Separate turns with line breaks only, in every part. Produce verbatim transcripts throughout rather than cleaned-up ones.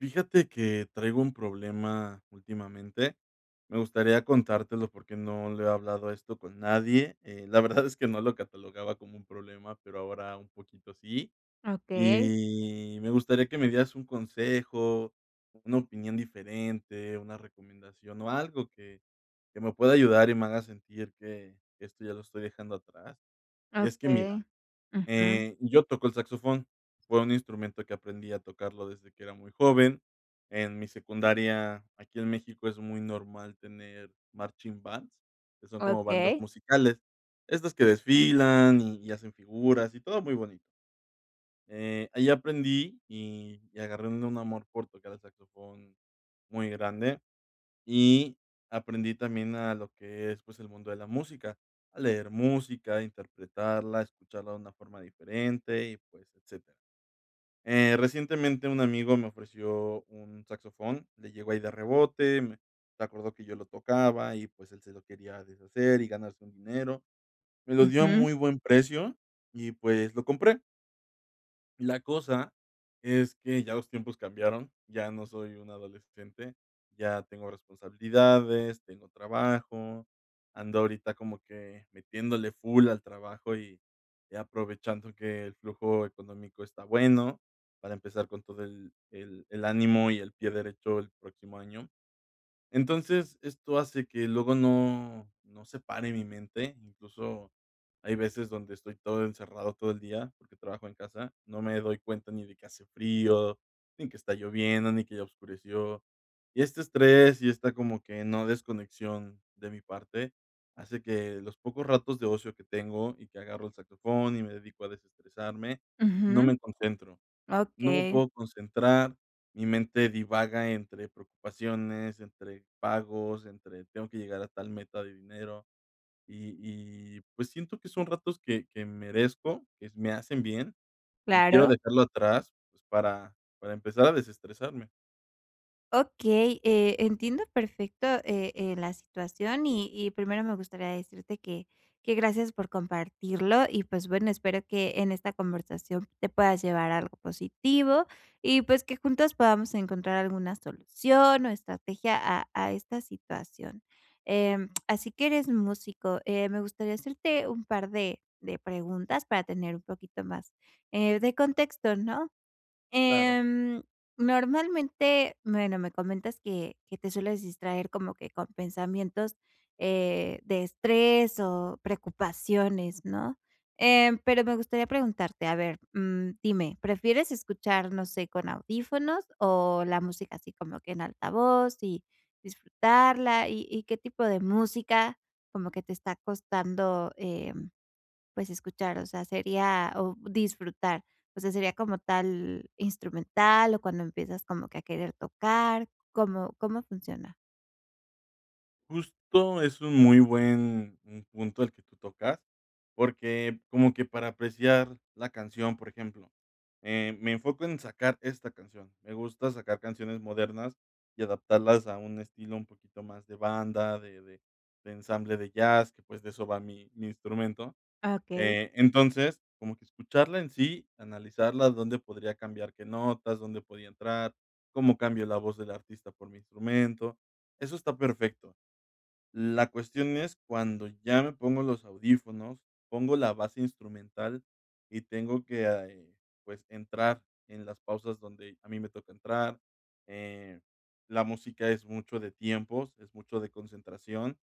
Fíjate que traigo un problema últimamente. Me gustaría contártelo porque, no lo he hablado esto con nadie, eh, la verdad es que no lo catalogaba como un problema, pero ahora un poquito sí,
Okey.
y me gustaría que me dieras un consejo, una opinión diferente, una recomendación o algo que que me pueda ayudar y me haga sentir que esto ya lo estoy dejando atrás. Y es que mira,
Okey, ujú.
eh, yo toco el saxofón. Fue un instrumento que aprendí a tocarlo desde que era muy joven, en mi secundaria. Aquí en México es muy normal tener marching bands, que son como bandas
Okey.
musicales, estas que desfilan y hacen figuras y todo muy bonito. Eh, ahí aprendí y y agarré un un amor por tocar el saxofón muy grande, y aprendí también a lo que es, pues, el mundo de la música, a leer música, interpretarla, escucharla de una forma diferente y, pues, etcétera. Eh, recientemente un amigo me ofreció un saxofón, le llegó ahí de rebote, me se acordó que yo lo tocaba y pues, él se lo quería deshacer y ganarse un dinero. Me lo dio a
Ujú.
muy buen precio y pues, lo compré. La cosa es que ya los tiempos cambiaron, ya no soy un adolescente, ya tengo responsabilidades, tengo trabajo, ando ahorita como que metiéndole full al trabajo y aprovechando que el flujo económico está bueno, para empezar con todo el el el ánimo y el pie derecho el próximo año. Entonces, esto hace que luego no no se pare mi mente. Incluso, hay veces donde estoy todo encerrado todo el día, porque trabajo en casa, no me doy cuenta, ni de que hace frío, ni que está lloviendo ni que ya oscureció y este estrés y esta como que no desconexión de mi parte, hace que los pocos ratos de ocio que tengo y que agarro el saxofón y me dedico a desestresarme, no
Ujú.
me concentro, no me
Okey.
puedo concentrar, mi mente divaga entre preocupaciones, entre pagos, entre "Tengo que llegar a tal meta de dinero", y y pues, siento que son ratos que que merezco, que s me hacen bien y quiero
Claro.
dejarlo atrás, pues, para para empezar a desestresarme.
Okey, eh, entiendo perfecto, eh eh, la situación. Y y primero, me gustaría decirte que que, gracias por compartirlo, y pues, bueno, espero que en esta conversación, te puedas llevar algo positivo, y pues, que juntos podamos encontrar alguna solución o estrategia a a esta situación. Eh, así que eres músico. Eh, me gustaría hacerte un par de de preguntas, para tener un poquito más, eh, de contexto, ¿no?
Claro.
Em, normalmente Bueno, me comentas que que te sueles distraer, como que con pensamientos, eh, de estrés o preocupaciones, ¿no? Eh, pero me gustaría preguntarte, a ver, mm, dime, ¿prefieres escuchar, no sé, con audífonos? O la música así como que, en altavoz y disfrutarla. Y y, ¿qué tipo de música, como que te está costando, em, pues, escuchar? O sea, sería O disfrutar. O sea, ¿sería como tal, instrumental, o cuando empiezas como que, a querer tocar? ¿Cómo cómo funciona?
Justo es un muy buen punto el que tú tocas, porque como que para apreciar la canción, por ejemplo, eh, me enfoco en sacar esta canción. Me gusta sacar canciones modernas y adaptarlas a un estilo un poquito más de banda, de de de ensamble de jazz, que, pues, de eso va mi mi instrumento.
Okey.
Entonces, como que escucharla en sí, analizarla, ¿dónde podría cambiar qué notas? ¿Dónde podía entrar? ¿Cómo cambio la voz de la artista por mi instrumento? Eso está perfecto. La cuestión es cuando ya me pongo los audífonos, pongo la base instrumental y tengo que, pues, entrar en las pausas donde a mí me toca entrar, eh, la música es mucho de tiempos, es mucho de concentración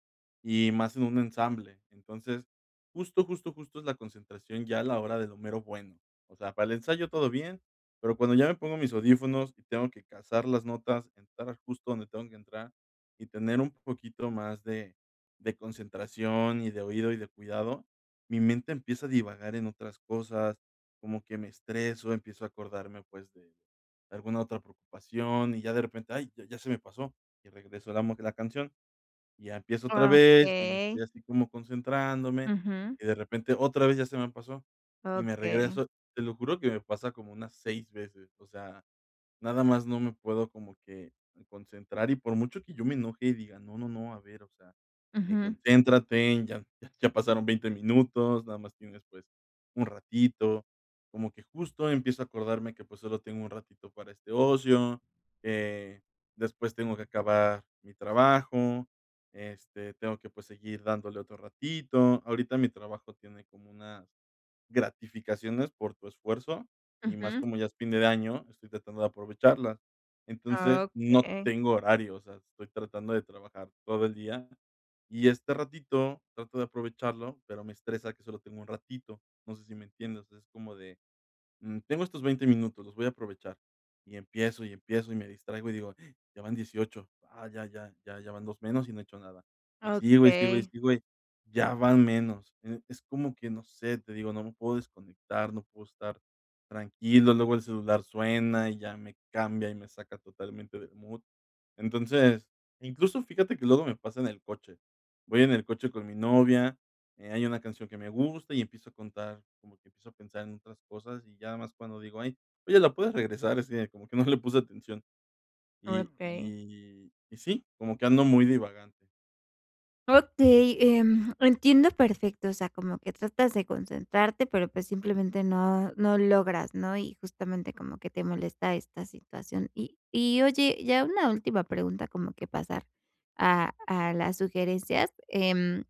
y más en un ensamble. Entonces justo justo justo es la concentración ya a la hora del mero bueno, o sea, para el ensayo todo bien, pero cuando ya me pongo mis audífonos y tengo que cazar las notas, entrar justo donde tengo que entrar y tener un poquito más de de concentración y de oído y de cuidado, mi mente empieza a divagar en otras cosas, como que me estreso, empiezo a acordarme, pues, de alguna otra preocupación y ya de repente, ¡ay!, ya se me pasó y regreso la la canción y ya empiezo otra vez y estoy
Okey.
así como concentrándome
Ujú.
y de repente otra vez ya se me pasó y me
Okey.
regreso. Te lo juro que me pasa como unas seis veces, o sea, nada más no me puedo como que concentrar y por mucho que yo me enoje y diga: "No no no, a ver, o sea, eh,
Ujú.
concéntrate ya ya pasaron veinte minutos, nada más tienes, pues, un ratito", como que justo empiezo a acordarme que, pues, solo tengo un ratito para este ocio, eh, después tengo que acabar mi trabajo, este, tengo que, pues, seguir dándole otro ratito. Ahorita mi trabajo tiene como unas gratificaciones por tu esfuerzo y más
Ujú.
como ya es fin de año, estoy tratando de aprovecharlas, entonces no
Okey.
tengo horario, o sea, estoy tratando de trabajar todo el día y este ratito trato de aprovecharlo, pero me estresa que solo tengo un ratito. No sé si me entiendes. Es como de, mm, tengo estos veinte minutos, los voy a aprovechar y empiezo y empiezo y me distraigo y digo: "Ya van diez y ocho ah, ya ya ya ya van dos menos y no he hecho nada", y sigo, y sigo, y
Okey.
sigo y ya van menos, es como que no sé, te digo, no me puedo desconectar, no puedo estar tranquilo. Luego el celular suena y ya me cambia y me saca totalmente del mood. Entonces, incluso, fíjate que luego me pasa en el coche, voy en el coche con mi novia, eh, hay una canción que me gusta y empiezo a contar, como que empiezo a pensar en otras cosas y ya más cuando digo: "Ay, oye, la puedes regresar, es como que no le puse atención", y
Okey.
y y sí, como que ando muy divagante.
Okey, em, entiendo perfecto, o sea, como que tratas de concentrarte, pero pues simplemente no no logras, ¿no?, y justamente como que te molesta esta situación, y y oye, ya una última pregunta, como que pasar a a las sugerencias, em,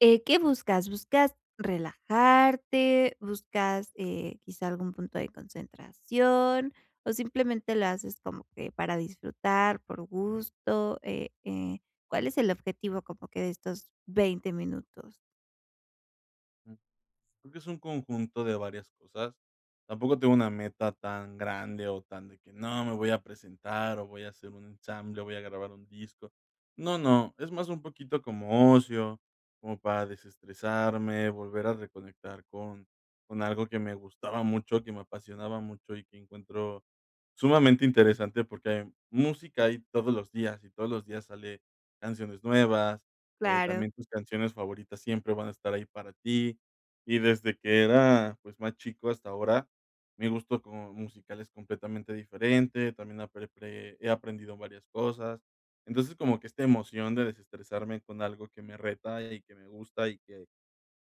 eh, ¿qué buscas? ¿Buscas relajarte, buscas, eh, quizás algún punto de concentración o simplemente lo haces como que para disfrutar por gusto?, eh eh, ¿cuál es el objetivo como que de estos veinte minutos?
Es un conjunto de varias cosas, tampoco tengo una meta tan grande o tan de que: "No me voy a presentar o voy a hacer un ensamble o voy a grabar un disco". No no, es más un poquito como ocio, como para desestresarme, volver a reconectar con con algo que me gustaba mucho, que me apasionaba mucho y que encuentro sumamente interesante porque hay música ahí todos los días y todos los días sale canciones nuevas, eh,
Claro.
también tus canciones favoritas siempre van a estar ahí para ti, y desde que era, pues, más chico hasta ahora, mi gusto como musical es completamente diferente, también apre he aprendido varias cosas. Entonces, como que esta emoción de desestresarme con algo que me reta y que me gusta y que,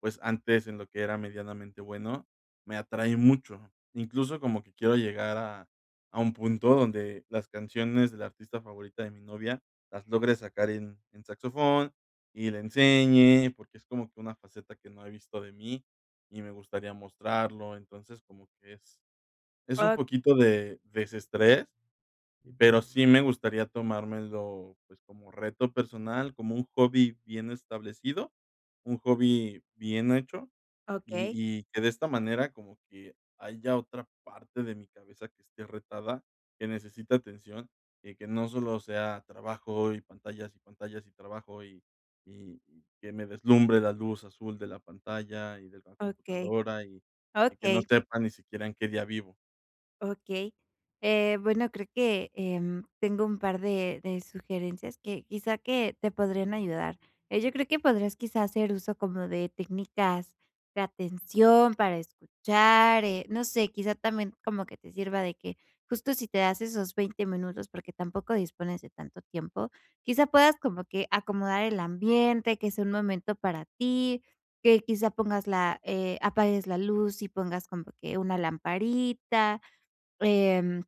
pues, antes, en lo que era medianamente bueno, me atrae mucho, incluso como que quiero llegar a a un punto donde las canciones de la artista favorita de mi novia las logre sacar en en saxofón y le enseñe, porque es como que una faceta que no he visto de mí y me gustaría mostrarlo. Entonces, como que es es un poquito de desestrés. Pero sí me gustaría tomármelo, pues como reto personal, como un hobby bien establecido, un hobby bien hecho y
Okey.
y que de esta manera, como que haya otra parte de mi cabeza que esté retada, que necesita atención y que no solo sea trabajo y pantallas y pantallas y trabajo y y y que me deslumbre la luz azul de la pantalla y de la
Okey.
computadora y y que no
Okey.
sepa ni siquiera en qué día vivo.
Okey, eh, bueno, creo que, em, tengo un par de de sugerencias que, quizá, que te podrían ayudar. Eh, yo creo que podrás, quizás, hacer uso como de técnicas de atención para escuchar, eh, no sé, quizá también como que te sirva de que, justo, si te das esos veinte minutos porque tampoco dispones de tanto tiempo, quizá, puedas como que acomodar el ambiente que sea un momento para ti, que quizá pongas la, eh, apagues la luz y pongas como que una lamparita. Em,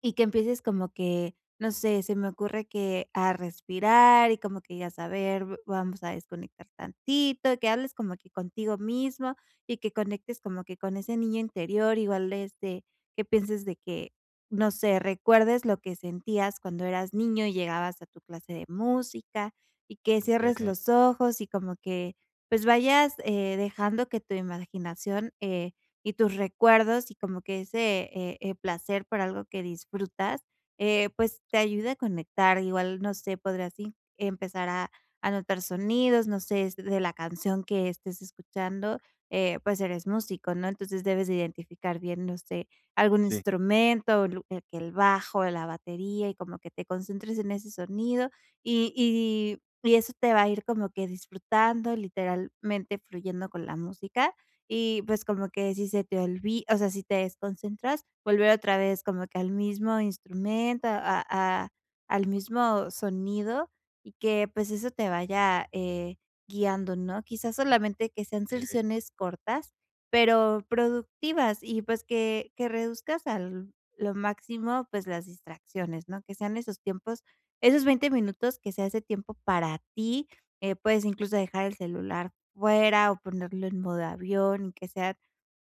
y que empieces como que, no sé, se me ocurre, que a respirar y como que, y a saber v vamos a desconectar tantito, que hables como que contigo mismo y que conectes como que con ese niño interior, igual, este, que pienses de que, no sé, recuerdes lo que sentías cuando eras niño y llegabas a tu clase de música y que cierres
Okey.
los ojos y como que pues, vayas, eh, dejando que tu imaginación, eh, y tus recuerdos y como que ese, eh eh, placer por algo que disfrutas, eh, pues, te ayuda a conectar igual, no sé, podrías i empezar a a notar sonidos, no sé, s de la canción que estés escuchando, eh, pues eres músico, ¿no?, entonces, debes de identificar bien, no sé, algún
Sí.
instrumento, lu eh, que el bajo, la batería y como que te concentres en ese sonido y y y eso te va a ir como que disfrutando literalmente fluyendo con la música y pues como que si se te olvi o sea, si te desconcentras, volver otra vez, como que al mismo instrumento, a a al mismo sonido y que pues, eso te vaya, eh, guiando, ¿no? Quizás, solamente que sean
Okey.
selsiones cortas, pero productivas y pues, que que reduzcas al lo máximo, pues, las distracciones, ¿no?, que sean esos tiempos, esos veinte minutos que sea ese tiempo para ti, eh, puedes incluso dejar el celular fuera o ponerlo en modo avión y que sea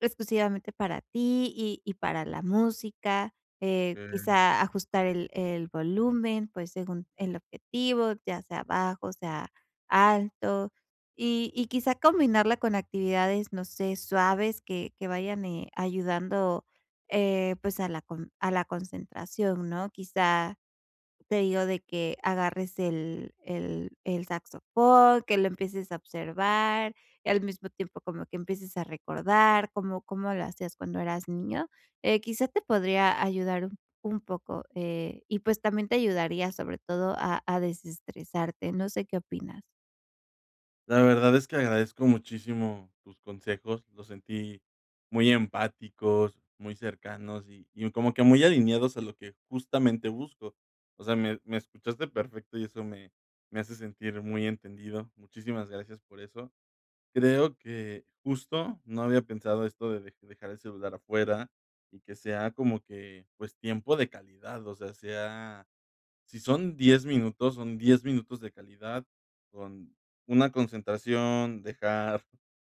exclusivamente para ti y y para la música. Eh,
Okey.
quizá, ajustar el el volumen, pues, según el objetivo, ya sea bajo, sea alto y y quizá combinarla con actividades, no sé, suaves que que vayan, eh, ayudando, eh, pues, a la con a la concentración, ¿no? Quizá, te digo de que agarres el el el saxofón, que lo empieces a observar, al mismo tiempo como que empieces a recordar cómo cómo lo hacías cuando eras niño, eh, quizás te podría ayudar un un poco, eh, y pues también, te ayudaría sobre todo a a desestresarte, no sé, ¿qué opinas?
La verdad es que agradezco muchísimo tus consejos. Los sentí muy empáticos, muy cercanos y y como que muy alineados a lo que justamente busco. O sea, me me escuchaste perfecto y eso me me hace sentir muy entendido. Muchísimas gracias por eso. Creo que justo no había pensado esto de de dejar el celular afuera y que sea como que, pues, tiempo de calidad, o sea, sea si son diez minutos, son diez minutos de calidad con una concentración, dejar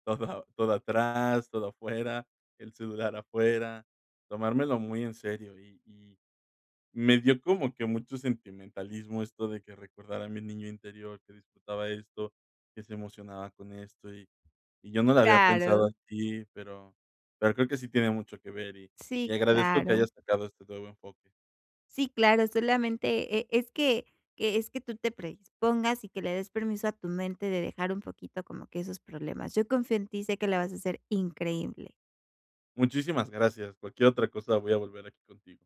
todo todo atrás, todo afuera, el celular afuera, tomármelo muy en serio y y me dio como que mucho sentimentalismo, esto de que recordara a mi niño interior que disfrutaba esto, que se emocionaba con esto y y yo no lo había pensado
Claro.
así, pero pero creo que sí tiene mucho que ver y y
Sí,
agradezco que
claro.
hayas sacado este nuevo enfoque.
Sí, claro. Solamente, eh, es que que es que tú te predispongas y que le des permiso a tu mente de dejar un poquito como que esos problemas. Yo confío en ti y sé que lo vas a ser increíble.
Muchísimas gracias. Cualquier otra cosa, voy a volver aquí contigo.